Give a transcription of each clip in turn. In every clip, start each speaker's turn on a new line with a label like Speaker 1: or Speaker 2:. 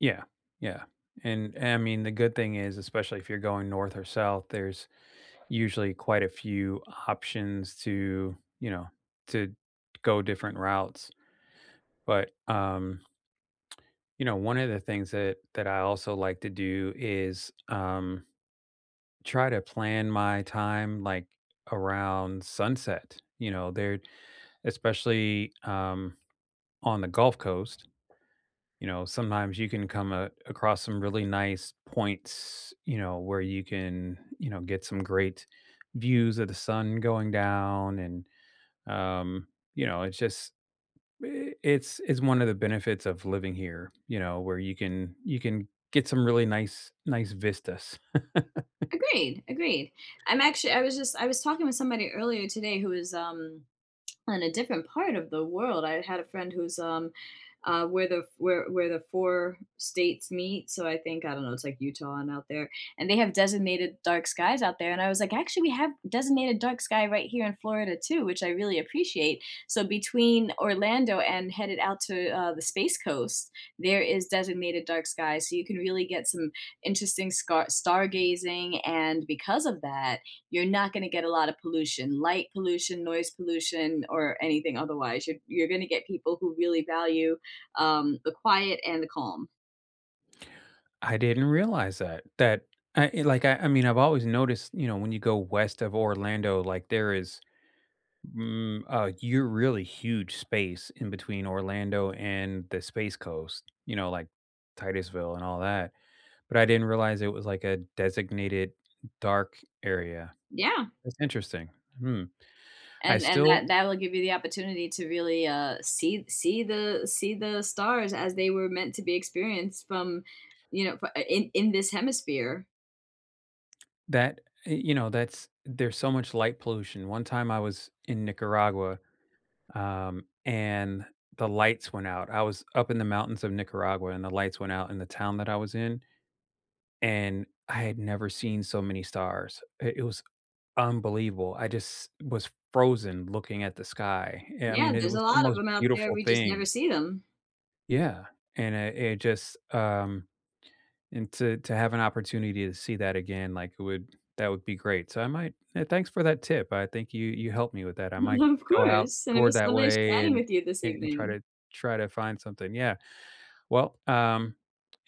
Speaker 1: Yeah, yeah. And and I mean, the good thing is, especially if you're going north or south, there's usually quite a few options to, you know, to go different routes. But, um you know, one of the things that that I also like to do is, um, try to plan my time, like, around sunset, you know, they're, especially, um, on the Gulf Coast, you know, sometimes you can come a across some really nice points, you know, where you can, you know, get some great views of the sun going down, and, um, you know, it's just, i it's, it's one of the benefits of living here, you know, where you can you can get some really nice nice vistas.
Speaker 2: Agreed, agreed. I'm actually, I was just I was talking with somebody earlier today who is, um, on a different part of the world. I had a friend who's, um, uh, where the where where the 4 states meet, so I think, I don't know, it's, like, Utah and out there, and they have designated dark skies out there, and I was, like, actually we have designated dark sky right here in Florida too, which I really appreciate. So between Orlando and headed out to, uh, the Space Coast, there is designated dark sky, so you can really get some interesting scar stargazing, and because of that, you're not gonna get a lot of pollution, light pollution, noise pollution, or anything otherwise. You're you're gonna get people who really value, um, the quiet and the calm.
Speaker 1: I didn't realize that, that I, like, I I mean, I've always noticed, you know, when you go west of Orlando, like, there is, mm, uh you're really huge space in between Orlando and the Space Coast, you know, like, Titusville and all that, but I didn't realize it was, like, a designated dark area.
Speaker 2: Yeah.
Speaker 1: That's interesting, hmm, I
Speaker 2: And and
Speaker 1: still
Speaker 2: that that will give you the opportunity to really, uh, see see the see the stars as they were meant to be experienced from, you know f in in this hemisphere.
Speaker 1: That, y you know, that's there's so much light pollution. One time I was in Nicaragua, um, and the lights went out. I was up in the mountains of Nicaragua, and the lights went out in the town that I was in, and I had never seen so many stars. It it was unbelievable. I just was frozen looking at the sky. I
Speaker 2: Yeah,
Speaker 1: mean, it
Speaker 2: there's a
Speaker 1: was the
Speaker 2: lot of
Speaker 1: most
Speaker 2: 'em out there,
Speaker 1: beautiful
Speaker 2: we just never
Speaker 1: thing.
Speaker 2: see them.
Speaker 1: Yeah, and it it just, um and to to have an opportunity to see that again, like, it would that would be great. So I might, uh, thanks for that tip. I think you you helped me with that. I might
Speaker 2: Of
Speaker 1: go out
Speaker 2: course, and it
Speaker 1: toward
Speaker 2: was so
Speaker 1: that
Speaker 2: nice
Speaker 1: way
Speaker 2: chatting
Speaker 1: and
Speaker 2: with you this
Speaker 1: and try
Speaker 2: evening.
Speaker 1: to try to find something. Yeah. Well, um,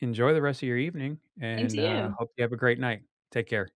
Speaker 1: enjoy the rest of your evening
Speaker 2: Same to
Speaker 1: and, uh,
Speaker 2: you.
Speaker 1: hope you have a great night. Take care.